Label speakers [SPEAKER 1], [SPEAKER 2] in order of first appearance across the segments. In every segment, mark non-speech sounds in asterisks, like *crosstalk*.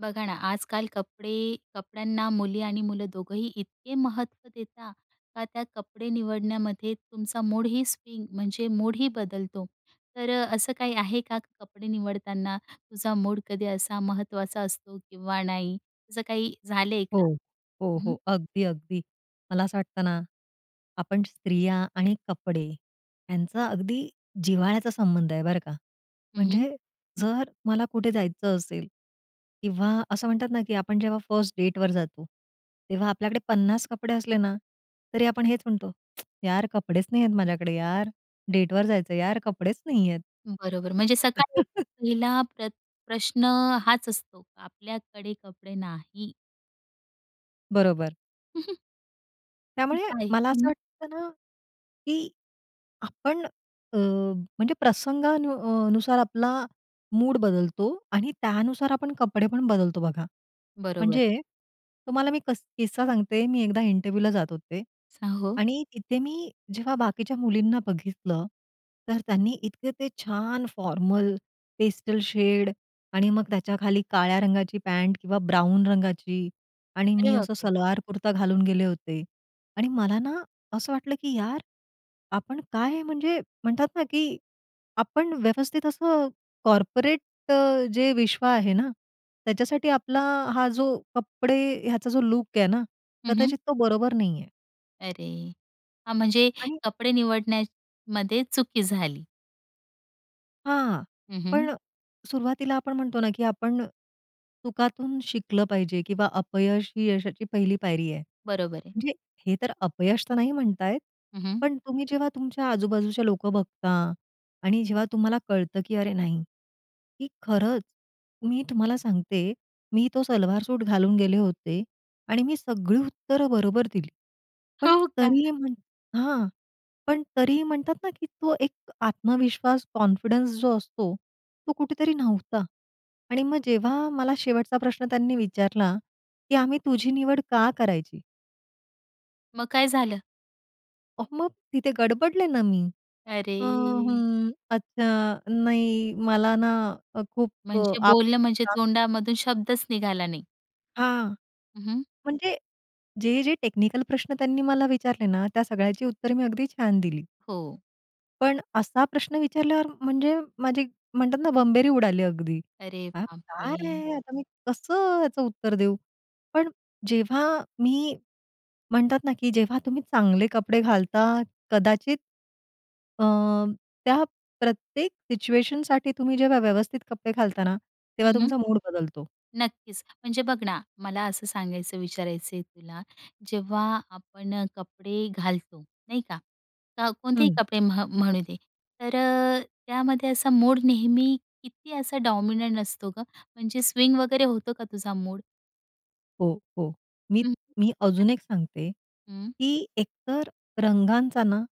[SPEAKER 1] बघा ना, आजकाल कपडे कपड्यांना मुली आणि मुलं दोघंही इतके महत्त्व देता का, त्या कपडे निवडण्यामध्ये तुमचा मूडही स्विंग म्हणजे मूडही बदलतो. तर अ, असं काही आहे का, की कपडे निवडताना तुझा मूड कधी असा महत्त्वाचा असतो किंवा नाही, असं काही झालंय का?
[SPEAKER 2] हो, हो,
[SPEAKER 1] हं, हं.
[SPEAKER 2] हो, अगदी, अगदी. मला असं वाटतं ना, आपण स्त्रिया आणि कपडे यांचा अगदी जिव्हाळ्याचा संबंध आहे, बरं का.
[SPEAKER 1] हं, हं.
[SPEAKER 2] म्हणजे जर मला कुठे जायचं असेल किंवा असं म्हणतात ना की आपण जेव्हा फर्स्ट डेटवर जातो, तेव्हा आपल्याकडे 50 कपडे असले ना तरी, आपण हेच म्हणतो, *tsk* "यार, कपडेच नाहीयेत माझ्याकडे, यार, डेटवर जायचंय, यार, कपडेच नाहीयेत."
[SPEAKER 1] बरोबर म्हणजे सकाळी उठून
[SPEAKER 2] *chuckles*
[SPEAKER 1] पहिला प्र प्रश्न हाच असतो आपल्याकडे कपडे नाही.
[SPEAKER 2] बरोबर.
[SPEAKER 1] *chuckles* *unintelligible*
[SPEAKER 2] त्यामुळे
[SPEAKER 1] काय?
[SPEAKER 2] मला असं
[SPEAKER 1] हं.
[SPEAKER 2] वाटतं ना, की आपण अ, म्हणजे प्रसंगानु नुसार आपला मूड बदलतो आणि त्यानुसार आपण कपडे पण बदलतो, बघा.
[SPEAKER 1] बरोबर.
[SPEAKER 2] म्हणजे तुम्हाला मी कस किस्सा सांगते. मी एकदा इंटरव्यूला जात होते,
[SPEAKER 1] स हो.
[SPEAKER 2] आणि तिथे मी जेव्हा बाकीच्या मुलींना बघितलं, तर त्यांनी इतके ते छान फॉर्मल पेस्टल शेड आणि मग त्याच्याखाली काळ्या रंगाची पँट किंवा ब्राऊन रंगाची आणि
[SPEAKER 1] अरे
[SPEAKER 2] मी असा
[SPEAKER 1] बापरे!
[SPEAKER 2] सलवार-कुर्ता घालून गेले होते आणि मला ना असं वाटलं की, "यार, आपण काय, म्हणजे म्हणतात ना, की आपण व्यवस्थित असं कॉर्पोरेट जे विश्व आहे ना, त्याच्यासाठी आपला हा जो कपडे, ह्याचा जो लुक आहे ना,
[SPEAKER 1] हं, हं.
[SPEAKER 2] कदाचित तो बरोबर नाही आहे."
[SPEAKER 1] अरे! हां, म्हणजे
[SPEAKER 2] आणि
[SPEAKER 1] कपडे निवडण्यामध्ये चुकी झाली.
[SPEAKER 2] हां.
[SPEAKER 1] हं, हं.
[SPEAKER 2] पण अ, सुरुवातीला आपण म्हणतो ना, की आपण चुकातून शिकलं पाहिजे किंवा "अपयश ही यशाची पहिली पायरी आहे."
[SPEAKER 1] बरोबर आहे.
[SPEAKER 2] म्हणजे हे तर अपयश तर नाही म्हणता येत.
[SPEAKER 1] हं, हं.
[SPEAKER 2] पण तुम्ही जेव्हा तुमच्या आजूबाजूचे लोकं बघता आणि जेव्हा तुम्हाला कळतं, की अरे नाही की खरंच मी तुम्हाला सांगते, मी तो सलवार सूट घालून गेले होते आणि मी सगळी उत्तरं बरोबर दिली. पण
[SPEAKER 1] हो का.
[SPEAKER 2] तरीही म्हण हां. पण तरीही म्हणतात ना, की तो एक आत्मविश्वास कॉन्फिडन्स जो असतो, तो कुठेतरी नव्हता. आणि मग जेव्हा मला शेवटचा प्रश्न त्यांनी विचारला, की "आम्ही तुझी निवड का करायची?"
[SPEAKER 1] मग काय झालं?
[SPEAKER 2] अहो मग तिथे गडबडले ना मी, "अ,
[SPEAKER 1] अरे!
[SPEAKER 2] हं, अच्छा, नाही, मला ना अ, खूप,
[SPEAKER 1] म्हणजे
[SPEAKER 2] आप,
[SPEAKER 1] बोलणं म्हणजे
[SPEAKER 2] आप"
[SPEAKER 1] तोंडामधून शब्दच निघाला नाही.
[SPEAKER 2] हां.
[SPEAKER 1] हं, हं.
[SPEAKER 2] म्हणजे जे-जे टेक्निकल प्रश्न त्यांनी मला विचारले ना, त्या सगळ्याची उत्तरं मी अगदी छान दिली.
[SPEAKER 1] हो.
[SPEAKER 2] पण असा प्रश्न विचारल्यावर म्हणजे माझी म्हणतात ना, बंबेरी उडाली अगदी.
[SPEAKER 1] अरे
[SPEAKER 2] अ,
[SPEAKER 1] बाप रे!
[SPEAKER 2] काय, आता मी कसं याचं उत्तर देऊ? पण जेव्हा मी म्हणतात ना, की जेव्हा तुम्ही चांगले कपडे घालता, कदाचित अ, त्या प्रत्येक सिच्युएशनसाठी तुम्ही जेव्हा व्यवस्थित कपडे घालता ना,
[SPEAKER 1] हं,
[SPEAKER 2] तेव्हा
[SPEAKER 1] हं.
[SPEAKER 2] तुमचा मूड बदलतो.
[SPEAKER 1] नक्कीच. म्हणजे बघ ना, मला असं सांगायचं, विचारायचं आहे तुला, जेव्हा आपण अ, कपडे घालतो नाही का, का कोणतेही
[SPEAKER 2] हं.
[SPEAKER 1] कपडे, म्ह म्हणू दे. तर अ, त्यामध्ये असा मोड नेहमी किती असा डॉमिनंट असतो गं? म्हणजे स्विंग वगैरे होतो का तुझा मूड?
[SPEAKER 2] हो, हो. मी,
[SPEAKER 1] हं.
[SPEAKER 2] मी अजून
[SPEAKER 1] *unintelligible*
[SPEAKER 2] एक सांगते
[SPEAKER 1] हं.
[SPEAKER 2] की एकतर रंगांचा ना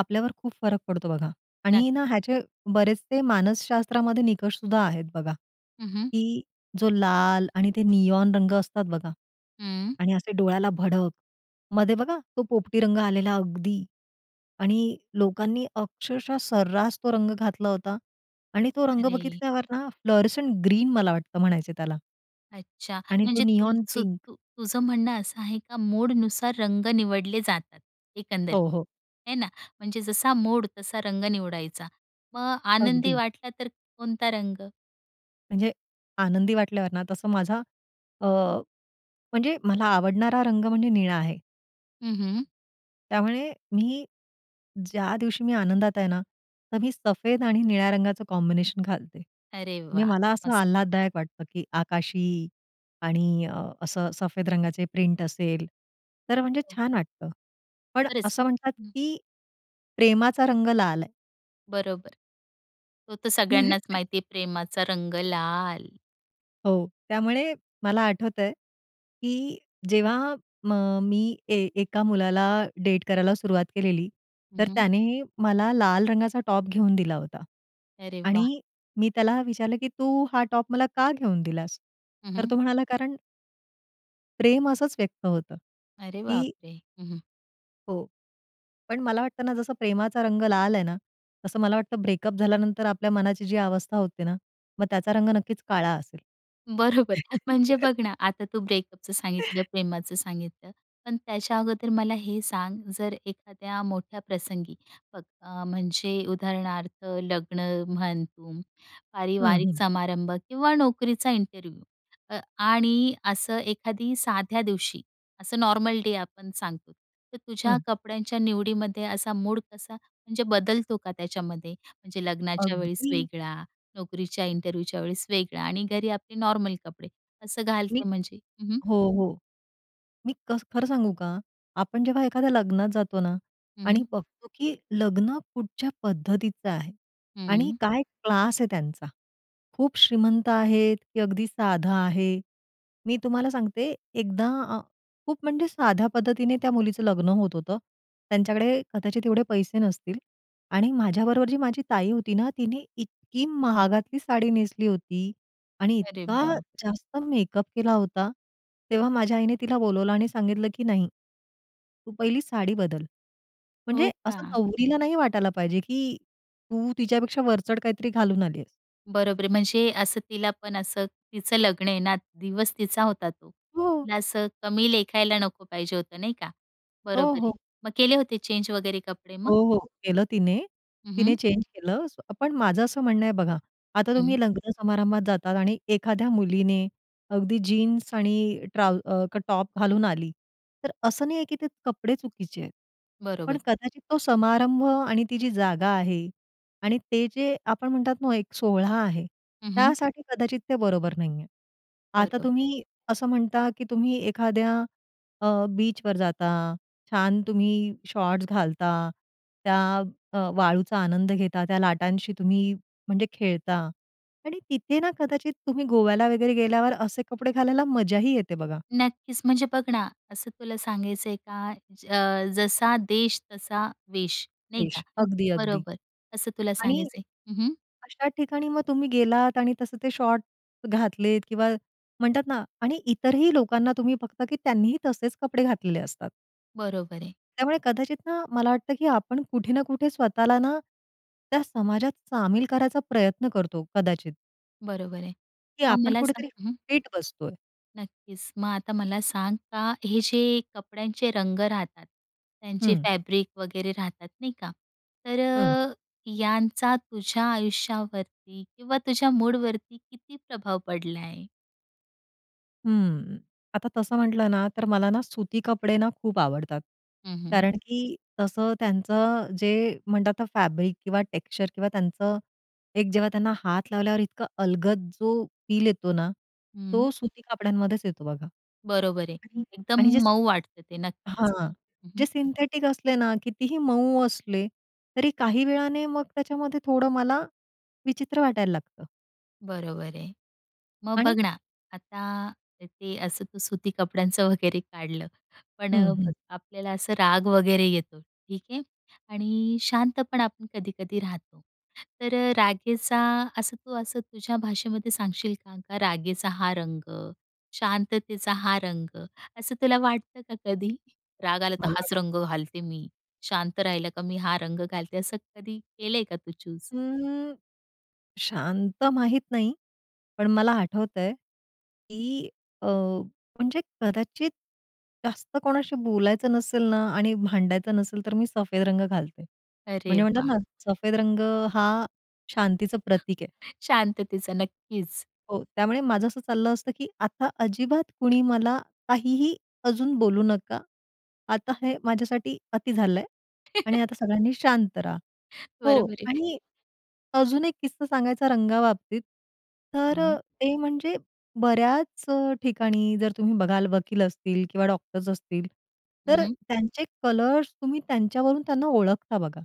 [SPEAKER 2] आपल्यावर खूप फरक पडतो बघा.
[SPEAKER 1] नक्की.
[SPEAKER 2] आणि ना, ह्याचे बरेचसे मानसशास्त्रामध्ये निकष सुद्धा आहेत बघा,
[SPEAKER 1] हं, हं.
[SPEAKER 2] की जो लाल आणि ते नियोन रंग असतात बघा.
[SPEAKER 1] हं.
[SPEAKER 2] आणि असे डोळ्याला भडक. मध्ये बघा तो पोपटी रंग आलेला अगदी. आणि लोकांनी अक्षरशः सर्रास तो रंग घातला होता. आणि तो रंग
[SPEAKER 1] अरे!
[SPEAKER 2] बघितल्यावर ना, फ्लोरसेंट ग्रीन मला वाटतं म्हणायचे त्याला.
[SPEAKER 1] अच्छा!
[SPEAKER 2] आणि तो
[SPEAKER 1] म्हणजे
[SPEAKER 2] नियोन पिंक.
[SPEAKER 1] तुलसूतू तुझं म्हणणं असं आहे का मूडनुसार रंग निवडले जातात एकंदरीत,
[SPEAKER 2] हो, हो.
[SPEAKER 1] है ना. म्हणजे जसा मूड तसा रंग निवडायचा. मग आनंदी
[SPEAKER 2] अगदी.
[SPEAKER 1] वाटला तर कोणता रंग?
[SPEAKER 2] म्हणजे आनंदी वाटल्यावर ना, तसं माझा अ, म्हणजे मला आवडणारा रंग म्हणजे निळा आहे.
[SPEAKER 1] हं, हं.
[SPEAKER 2] त्यामुळे मी ज्या दिवशी मी आनंदात आहे ना तर मी सफेद आणि निळ्या रंगाचं कॉम्बिनेशन घालते.
[SPEAKER 1] अरे
[SPEAKER 2] म्हणजे
[SPEAKER 1] वाह!
[SPEAKER 2] मला असं
[SPEAKER 1] मस्त.
[SPEAKER 2] आल्हाददायक वाटतं, की आकाशी आणि असं सफेद रंगाचे प्रिंट असेल तर म्हणजे
[SPEAKER 1] हं.
[SPEAKER 2] छान वाटतं. पण
[SPEAKER 1] खरंच,
[SPEAKER 2] असं म्हणतात,
[SPEAKER 1] हं.
[SPEAKER 2] की प्रेमाचा रंग लाल आहे.
[SPEAKER 1] बरोबर. तो तर सगळ्यांनाच
[SPEAKER 2] *chuckles*
[SPEAKER 1] माहिती आहे, प्रेमाचा रंग लाल.
[SPEAKER 2] हो, त्यामुळे मला आठवतंय की जेव्हा म मी ए एका मुलाला डेट करायला सुरुवात केलेली,
[SPEAKER 1] हं,
[SPEAKER 2] तर
[SPEAKER 1] हं.
[SPEAKER 2] त्याने मला लाल रंगाचा टॉप घेऊन दिला होता
[SPEAKER 1] अरे वाह!
[SPEAKER 2] आणि मी त्याला विचारलं की "तू हा टॉप मला का घेऊन दिलास?"
[SPEAKER 1] हं,
[SPEAKER 2] तर
[SPEAKER 1] हं.
[SPEAKER 2] तो म्हणाला "कारण" प्रेम असच व्यक्त होतं
[SPEAKER 1] अरे
[SPEAKER 2] की
[SPEAKER 1] बाप रे! हं, हं.
[SPEAKER 2] हो. पण मला वाटत ना जसं प्रेमाचा रंग लाल आहे ना तसं मला वाटतं ब्रेकअप झाल्यानंतर आपल्या मनाची जी अवस्था होते ना मग त्याचा रंग नक्कीच काळा असेल.
[SPEAKER 1] बरोबर. म्हणजे बघ ना, आता तू ब्रेकअपचं सांगितलं,
[SPEAKER 2] *inhales*
[SPEAKER 1] प्रेमाचं सांगितलं. पण त्याच्या अगोदर मला हे सांग, जर एखाद्या मोठ्या प्रसंगी, अ, अ, म्हणजे उदाहरणार्थ लग्न म्हण तुम,
[SPEAKER 2] हं,
[SPEAKER 1] पारिवारिक
[SPEAKER 2] हं.
[SPEAKER 1] समारंभ, किंवा नोकरीचा इंटरव्ह्यू आणि असं एखाद्या साध्या दिवशी, असं नॉर्मल डे आपण सांगतो, तर
[SPEAKER 2] हं.
[SPEAKER 1] तुझ्या कपड्यांच्या निवडीमध्ये असा मूड कसा म्हणजे बदलतो का त्याच्यामध्ये? म्हणजे लग्नाच्या वेळेस
[SPEAKER 2] अगदी.
[SPEAKER 1] वेगळा, नोकरीच्या इंटरव्ह्यूच्या वेळेस वेगळा, आणि घरी आपले नॉर्मल कपडे, असं
[SPEAKER 2] मी
[SPEAKER 1] घालते म्हणजे? हं, हं.
[SPEAKER 2] हो, हो. मी कस खरं सांगू का? आपण जेव्हा एखाद्या लग्नात जातो ना
[SPEAKER 1] हं,
[SPEAKER 2] आणि
[SPEAKER 1] हं.
[SPEAKER 2] बघतो की लग्न कुठच्या पद्धतीचं आहे आणि
[SPEAKER 1] हं.
[SPEAKER 2] काय क्लास आहे त्यांचा. खूप श्रीमंत आहेत, की अगदी साधा आहे. मी तुम्हाला सांगते, एकदा आ खूप म्हणजे साध्या पद्धतीने त्या मुलीचं लग्न होत होतं. त्यांच्याकडे कदाचित एवढे पैसे नसतील. आणि माझ्याबरोबर जी माझी ताई होती ना, तिने इतकी महागातली साडी नेसली होती आणि
[SPEAKER 1] अरे
[SPEAKER 2] इतका
[SPEAKER 1] बाप!
[SPEAKER 2] जास्त मेकअप केला होता. तेव्हा माझ्या आईने तिला बोलावलं आणि सांगितलं की "नाही. तू पहिली साडी बदल. म्हणजे
[SPEAKER 1] हो
[SPEAKER 2] असं
[SPEAKER 1] का?
[SPEAKER 2] नवरीला नाही वाटायला पाहिजे की तू तिच्यापेक्षा वरचढ काहीतरी घालून आलीयेस."
[SPEAKER 1] बरोबर आहे. म्हणजे असं तिला पण असं तिचं लग्न आहे ना दिवस तिचा होता तो.
[SPEAKER 2] हो.
[SPEAKER 1] तिला असं कमी लेखायला नको पाहिजे होतं नाही का
[SPEAKER 2] हो,
[SPEAKER 1] बरोबर आहे.
[SPEAKER 2] हो.
[SPEAKER 1] मग केले होते चेंज वगैरे कपडे
[SPEAKER 2] हो,
[SPEAKER 1] मग?
[SPEAKER 2] हो, केलं तिने.
[SPEAKER 1] हं,
[SPEAKER 2] तिने
[SPEAKER 1] हं.
[SPEAKER 2] चेंज केलं. पण माझं असं म्हणणं आहे बघा, आता
[SPEAKER 1] हं.
[SPEAKER 2] तुम्ही लग्न समारंभात जातात आणि एखाद्या मुलीने अगदी जीन्स आणि ट्राउ अ, टॉप घालून आली, तर असं नाहीये की ते कपडे चुकीचे आहेत. पण
[SPEAKER 1] बरोबर.
[SPEAKER 2] कदाचित तो समारंभ, आणि ती जी जागा आहे आणि ते जे आपण म्हणतात ना एक सोहळा आहे,
[SPEAKER 1] हं, हं.
[SPEAKER 2] त्यासाठी कदाचित ते बरोबर नाहीये. आता
[SPEAKER 1] बरोबर.
[SPEAKER 2] तुम्ही असं म्हणता, की तुम्ही एखाद्या अ, बीचवर जाता, छान, तुम्ही शॉर्ट्स घालता, त्या अ, वाळूचा आनंद घेता, त्या लाटांशी तुम्ही म्हणजे खेळता आणि तिथे ना, कदाचित तुम्ही गोव्याला वगैरे गेल्यावर असे कपडे घालायला मजाही येते बघा.
[SPEAKER 1] नक्कीच, म्हणजे बघ ना असं तुला सांगायचंय का अ, ज जसा देश तसा वेश नाही का
[SPEAKER 2] वेश अगदी, अगदी.
[SPEAKER 1] बरोबर, असं तुला
[SPEAKER 2] आणि
[SPEAKER 1] सांगायचंय. हं, हं.
[SPEAKER 2] अशा ठिकाणी मग तुम्ही गेलात आणि तसं ते शॉर्ट घातलेत किंवा म्हणतात ना आणि इतरही लोकांना तुम्ही फक्त की त्यांनीही तसेच कपडे घातलेले असतात.
[SPEAKER 1] बरोबर आहे.
[SPEAKER 2] त्यामुळे कदाचित ना मला वाटतं, की आपण कुठे ना कुठे स्वतःला ना त्या समाजात सामील करायचा प्रयत्न करतो कदाचित.
[SPEAKER 1] बरोबर आहे.
[SPEAKER 2] की
[SPEAKER 1] मग
[SPEAKER 2] आपण
[SPEAKER 1] मला सांग
[SPEAKER 2] कुठेतरी
[SPEAKER 1] हं.
[SPEAKER 2] फिट बसतोय.
[SPEAKER 1] नक्कीच. मग आता मला सांग का, हे जे कपड्यांचे रंग राहतात त्यांची
[SPEAKER 2] हं.
[SPEAKER 1] फॅब्रिक वगैरे राहतात नाही का. तर
[SPEAKER 2] हं.
[SPEAKER 1] अ, यांचा तुझ्या आयुष्यावरती किंवा तुझ्या मूडवरती किती प्रभाव पडलाय?
[SPEAKER 2] हं, आता तसं म्हटलं ना तर मला ना सुती कपडे ना खूप आवडतात.
[SPEAKER 1] हं, हं.
[SPEAKER 2] कारण की तसं त्यांचं जे म्हणतात आता फॅब्रिक किंवा टेक्सचर किंवा त्यांचं एक जेव्हा त्यांना हात लावल्यावर इतका अलगद जो फिल येतो ना,
[SPEAKER 1] हं.
[SPEAKER 2] तो सुती कपड्यांमध्येच येतो बघा
[SPEAKER 1] बरोबर आहे.
[SPEAKER 2] आणि
[SPEAKER 1] एकदम
[SPEAKER 2] आणि जे
[SPEAKER 1] मऊ वाटत ते. नक्कीच हो,
[SPEAKER 2] हां
[SPEAKER 1] हं,
[SPEAKER 2] जे
[SPEAKER 1] हं.
[SPEAKER 2] सिं सिंथेटिक असले ना कितीही मऊ असले तरी काही वेळाने मग त्याच्यामध्ये थोडं मला विचित्र वाटायला लागतं.
[SPEAKER 1] बरोबर आहे. मग बघ
[SPEAKER 2] आणि
[SPEAKER 1] ना, आता ते असं तू सुती कपड्यांचं वगैरे काढलं, पण
[SPEAKER 2] हं, हं.
[SPEAKER 1] बघ, आपल्याला असं राग वगैरे येतो ठीक आहे आणि शांतपण आपण कधी-कधी राहतो. तर रागेचा असं तू असं तुझ्या भाषेमध्ये सांगशील का, का रागेचा हा रंग, शांततेचा हा रंग? असं तुला वाटतं का कधी राग आला तर
[SPEAKER 2] मला
[SPEAKER 1] हाच रंग घालते मी. शांत राहिला का मी हा रंग घालते. असं कधी केलंय का तू चूज?
[SPEAKER 2] हं, शांत माहित नाही पण मला आठवतंय, की अ, म्हणजे कदाचित जास्त कोणाशी बोलायचं नसेल ना आणि भांडायचं नसेल तर मी सफेद रंग घालते.
[SPEAKER 1] अरे
[SPEAKER 2] म्हणजे म्हणतात
[SPEAKER 1] वाह!
[SPEAKER 2] ना, सफेद रंग हा शांतीचं प्रतीक आहे.
[SPEAKER 1] शांततेचा, नक्कीच.
[SPEAKER 2] हो, त्यामुळे माझं असं चाललं असतं की आता अजिबात कुणी मला काहीही अजून बोलू नका. आता हे माझ्यासाठी अति झालंय आणि
[SPEAKER 1] *chuckles*
[SPEAKER 2] आता सगळ्यांनी शांत राहा. हो
[SPEAKER 1] बरोबर आहे.
[SPEAKER 2] आणि अजून एक किस्सा सांगायचा रंगाबाबतीत, तर
[SPEAKER 1] हं.
[SPEAKER 2] ते म्हणजे बऱ्याच ठिकाणी जर तुम्ही बघाल वकील असतील किंवा डॉक्टर्स असतील
[SPEAKER 1] हं,
[SPEAKER 2] तर
[SPEAKER 1] हं.
[SPEAKER 2] त्यांचे कलर्स तुम्ही त्यांच्यावरून त्यांना ओळखता बघा.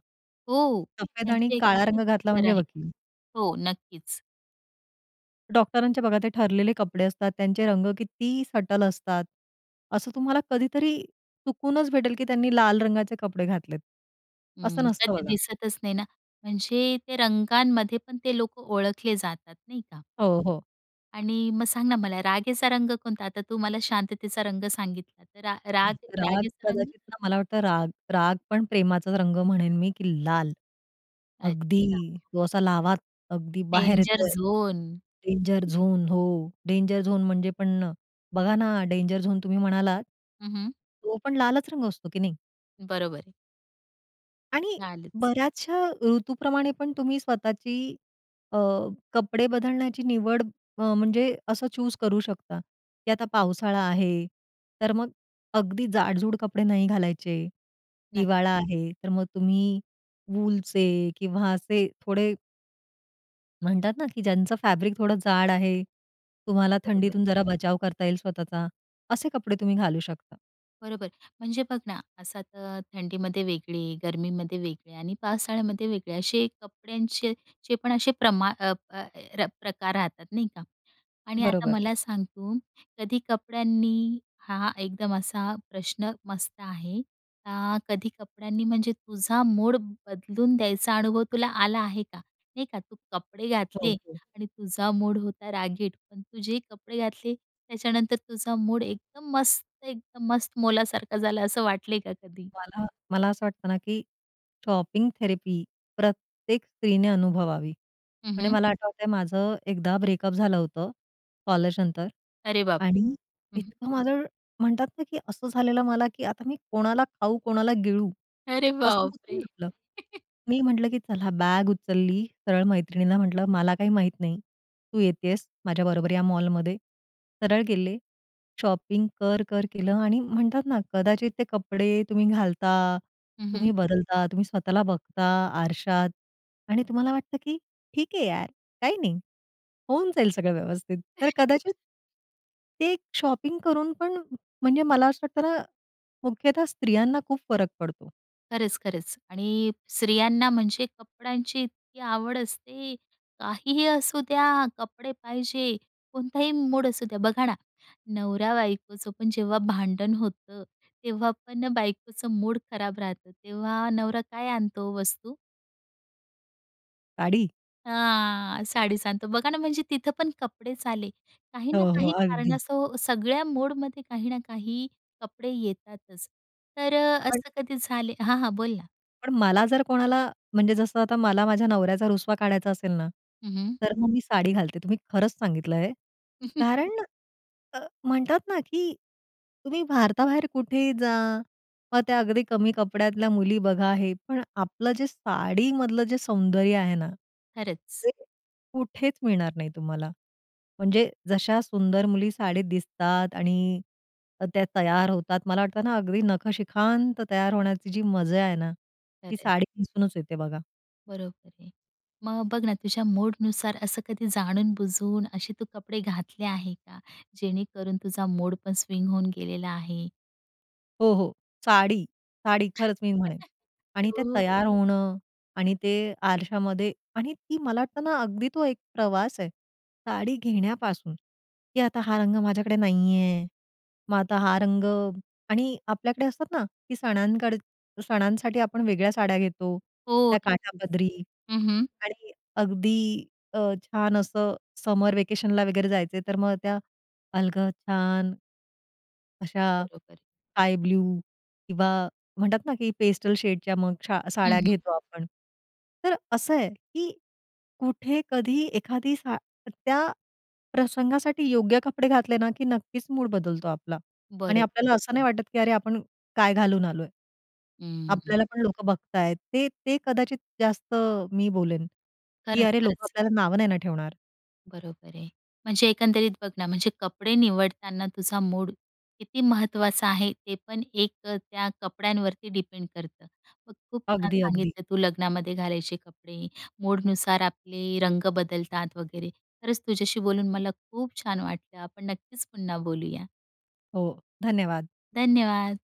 [SPEAKER 1] हो,
[SPEAKER 2] सफेद आणि
[SPEAKER 1] त्याचे एक
[SPEAKER 2] काळा
[SPEAKER 1] नक्की
[SPEAKER 2] रंग घातला
[SPEAKER 1] कलर
[SPEAKER 2] म्हणजे
[SPEAKER 1] आहे
[SPEAKER 2] वकील.
[SPEAKER 1] हो. नक्कीच.
[SPEAKER 2] डॉक्टरांच्या बघा ते ठरलेले कपडे असतात, त्यांचे रंग किती सटल असतात. असं तुम्हाला कधीतरी चुकूनच भेटेल की त्यांनी लाल रंगाचे कपडे घातलेत. असं
[SPEAKER 1] हं,
[SPEAKER 2] नसतं
[SPEAKER 1] कधी
[SPEAKER 2] बघा.
[SPEAKER 1] दिसतच नाही ना, म्हणजे ते रंगांमध्ये पण ते लोकं ओळखले जातात. नाही का?
[SPEAKER 2] हो, हो.
[SPEAKER 1] आणि मग सांग ना, मला रागाचा रंग कोणता? आता तू मला शांततेचा रंग सांगितला, तर राग
[SPEAKER 2] राग,
[SPEAKER 1] रागेचा रंग?
[SPEAKER 2] कदाचित ना, मला वाटतं राग, राग पण प्रेमाचा रंग म्हणेन मी की लाल.
[SPEAKER 1] अच्छा.
[SPEAKER 2] अगदी तो असा लाव्हा, अगदी बाहेर
[SPEAKER 1] डेंजर
[SPEAKER 2] येतोय
[SPEAKER 1] झोन.
[SPEAKER 2] डेंजर झोन हो, डेंजर झोन म्हणजे पण बघा ना, डेंजर झोन तुम्ही म्हणालात.
[SPEAKER 1] हं, हं.
[SPEAKER 2] तो पण लालच रंग असतो की नाही.
[SPEAKER 1] बरोबर.
[SPEAKER 2] आणि
[SPEAKER 1] लालच.
[SPEAKER 2] बऱ्याचशा ऋतूप्रमाणे पण तुम्ही स्वतःची अ, कपडे बदलण्याची निवड अ, म्हणजे असं चूज करू शकता, की "आता पावसाळा आहे, तर मग अगदी जाडजूड कपडे नाही घालायचे.
[SPEAKER 1] नक्की.
[SPEAKER 2] हिवाळा आहे, तर मग तुम्ही वूलचे किंवा असे थोडे" म्हणतात ना, की ज्यांचं फॅब्रिक थोडं जाड आहे, तुम्हाला
[SPEAKER 1] बरोबर.
[SPEAKER 2] थंडीतून जरा बचाव करता येईल स्वतःचा, असे कपडे तुम्ही घालू शकता.
[SPEAKER 1] बरोबर. म्हणजे बघ ना, असा तर थंडीमध्ये वेगळे, गर्मीमध्ये वेगळे आणि पावसाळ्यामध्ये वेगळे, असे कपड्यांचे जे पण असे प्रमाण अ, अ, अ, र प्रकार राहतात, नाही का? आणि आता
[SPEAKER 2] बरोबर.
[SPEAKER 1] मला सांग तू, कधी कपड्यांनी हा एकदम असा प्रश्न मस्त आहे. आ, कधी कपड्यांनी म्हणजे तुझा मूड बदलून द्यायचा अनुभव तुला आला आहे का? नाही का, तू कपडे
[SPEAKER 2] हो.
[SPEAKER 1] घातले
[SPEAKER 2] हो.
[SPEAKER 1] आणि तुझा मूड होता रागीट, पण तू जे कपडे घातले त्याच्यानंतर तुझा मूड एकदम मस्त एकदम मस्त मोलासारखा झाला असं वाटले का कधी?
[SPEAKER 2] मला मला असं वाटतं ना, की शॉपिंग थेरपी प्रत्येक स्त्रीने अनुभवावी.
[SPEAKER 1] हं,
[SPEAKER 2] म्हणजे
[SPEAKER 1] हं.
[SPEAKER 2] मला आठवतंय माझं एकदा ब्रेकअप झालं होतं कॉलेज नंतर
[SPEAKER 1] अरे बाप रे!
[SPEAKER 2] आणि
[SPEAKER 1] हं, हं.
[SPEAKER 2] इतकं माझं म्हणतात ना, की असं झालेलं मला, की आता मी कोणाला खाऊ कोणाला गिळू.
[SPEAKER 1] अरे
[SPEAKER 2] असं
[SPEAKER 1] बाप
[SPEAKER 2] होतं
[SPEAKER 1] रे!
[SPEAKER 2] ना आपलं.
[SPEAKER 1] *chuckles*
[SPEAKER 2] मी म्हटलं, की चला बॅग उचलली सरळ मैत्रिणीला म्हटलं, "मला काही माहीत नाही, तू येते आहेस माझ्याबरोबर या मॉलमध्ये." सरळ गेले. शॉपिंग कर-कर केलं आणि म्हणतात ना, कदाचित ते कपडे तुम्ही घालता,
[SPEAKER 1] हं, हं.
[SPEAKER 2] तुम्ही बदलता, तुम्ही स्वतःला बघता आरशात आणि तुम्हाला वाटतं की "ठीक आहे यार, काही नाही, होऊन जाईल सगळं व्यवस्थित." तर
[SPEAKER 1] *chuckles*
[SPEAKER 2] कदाचित ते एक शॉपिंग करून पण, म्हणजे मला असं वाटतं ना, मुख्यतः स्त्रियांना खूप फरक पडतो.
[SPEAKER 1] खरंच, खरंच. आणि स्त्रियांना म्हणजे कपड्यांची इतकी आवड असते. काहीही असू द्या, कपडे पाहिजे. कोणताही मूड असू द्या बघा ना नवरा-बायकोचं पण जेव्हा भांडण होतं तेव्हा पण बायकोचं मूड खराब राहतं तेव्हा नवरा काय आणतो हो वस्तू?
[SPEAKER 2] साडी!
[SPEAKER 1] हां. साडीच आणतो, बघा ना म्हणजे तिथं पण कपडेच आले. काही ना
[SPEAKER 2] हो, हो,
[SPEAKER 1] काही कारण
[SPEAKER 2] अगदी.
[SPEAKER 1] असो सगळ्या मोडमध्ये काही ना काही कपडे येतातच. तर अ,
[SPEAKER 2] आणि
[SPEAKER 1] असं कधी झाले हां, हां. बोल ना.
[SPEAKER 2] पण मला जर कोणाला, म्हणजे जसं आता मला माझ्या नवऱ्याचा रुसवा काढायचा असेल ना,
[SPEAKER 1] हं, हं.
[SPEAKER 2] तर मग मी साडी घालते तुम्ही खरंच सांगितलंय.
[SPEAKER 1] *chuckles*
[SPEAKER 2] कारण अ, म्हणतात ना, की तुम्ही भारताबाहेर कुठेही जा. मग त्या अगदी कमी कपड्यातल्या मुली बघा हे, पण आपलं जे साडीमधलं जे सौंदर्य आहे ना,
[SPEAKER 1] खरंच.
[SPEAKER 2] ते कुठेच मिळणार नाही तुम्हाला. म्हणजे जशा सुंदर मुली साडीत दिसतात आणि त त्या तयार होतात. मला वाटतं ना अगदी नखशिखांत तयार होण्याची जी मजा आहे ना,
[SPEAKER 1] खरं
[SPEAKER 2] ती
[SPEAKER 1] आहे.
[SPEAKER 2] साडी नेसूनच येते बघा.
[SPEAKER 1] बरोबर आहे. मग बघ ना, तुझ्या मूडनुसार असं कधी जाणून-बुजून असे तू कपडे घातले आहे का जेणेकरून तुझा मूड पण स्विंग होऊन गेलेला आहे?
[SPEAKER 2] हो, हो. साडी, साडी खरंच मी म्हणेन
[SPEAKER 1] *chuckles*
[SPEAKER 2] आणि ते
[SPEAKER 1] हो, हो.
[SPEAKER 2] तयार होणं आणि ते आरशामध्ये आणि ती मला तर ना अगदी तो एक प्रवास आहे. साडी घेण्यापासून, की आता हा रंग माझ्याकडे नाही आहे. मग आता हा रंग आणि आपल्याकडे असतात ना की सणांकड सणांसाठी आपण वेगळ्या साड्या घेतो,
[SPEAKER 1] हो,
[SPEAKER 2] त्या
[SPEAKER 1] नक्कीच.
[SPEAKER 2] काठापदरी
[SPEAKER 1] हं, हं.
[SPEAKER 2] आणि अगदी अ, छान असं समर व्हॅकेशनला वगैरे जायचं, तर मग त्या अलगद छान अशा
[SPEAKER 1] बरोबर आहे.
[SPEAKER 2] स्काय ब्लू किंवा म्हणतात ना, की पेस्टल शेडच्या मग छा
[SPEAKER 1] हं,
[SPEAKER 2] साड्या
[SPEAKER 1] हं.
[SPEAKER 2] घेतो आपण. तर असं आहे, की कुठे कधी एखादी सा त्या प्रसंगासाठी योग्य कपडे घातले ना, की नक्कीच मूड बदलतो आपला आणि
[SPEAKER 1] बरोबर.
[SPEAKER 2] आपल्याला असं नाही वाटत, की अरे आपण काय घालून आलोय.
[SPEAKER 1] हं, हं.
[SPEAKER 2] आपल्याला पण लोकं बघतायेत. ते ते कदाचित जास्त मी बोलेन, की
[SPEAKER 1] खरंच,
[SPEAKER 2] अरे, लोकं
[SPEAKER 1] खरंच.
[SPEAKER 2] आपल्याला नावं नाही ना ठेवणार.
[SPEAKER 1] बरोबर आहे. म्हणजे एकंदरीत बघ ना म्हणजे कपडे निवडताना तुझा मूड किती महत्त्वाचा आहे, ते पण एक अ, त्या कपड्यांवरती डिपेंड करतं. मग खूप छान
[SPEAKER 2] अगदी, अगदी.
[SPEAKER 1] सांगितलं तू लग्नामध्ये घालायचे कपडे, मूडनुसार आपले रंग बदलतात वगैरे. खरंच तुझ्याशी बोलून मला खूप छान वाटलं. आपण नक्कीच पुन्हा बोलूया.
[SPEAKER 2] हो, धन्यवाद.
[SPEAKER 1] धन्यवाद.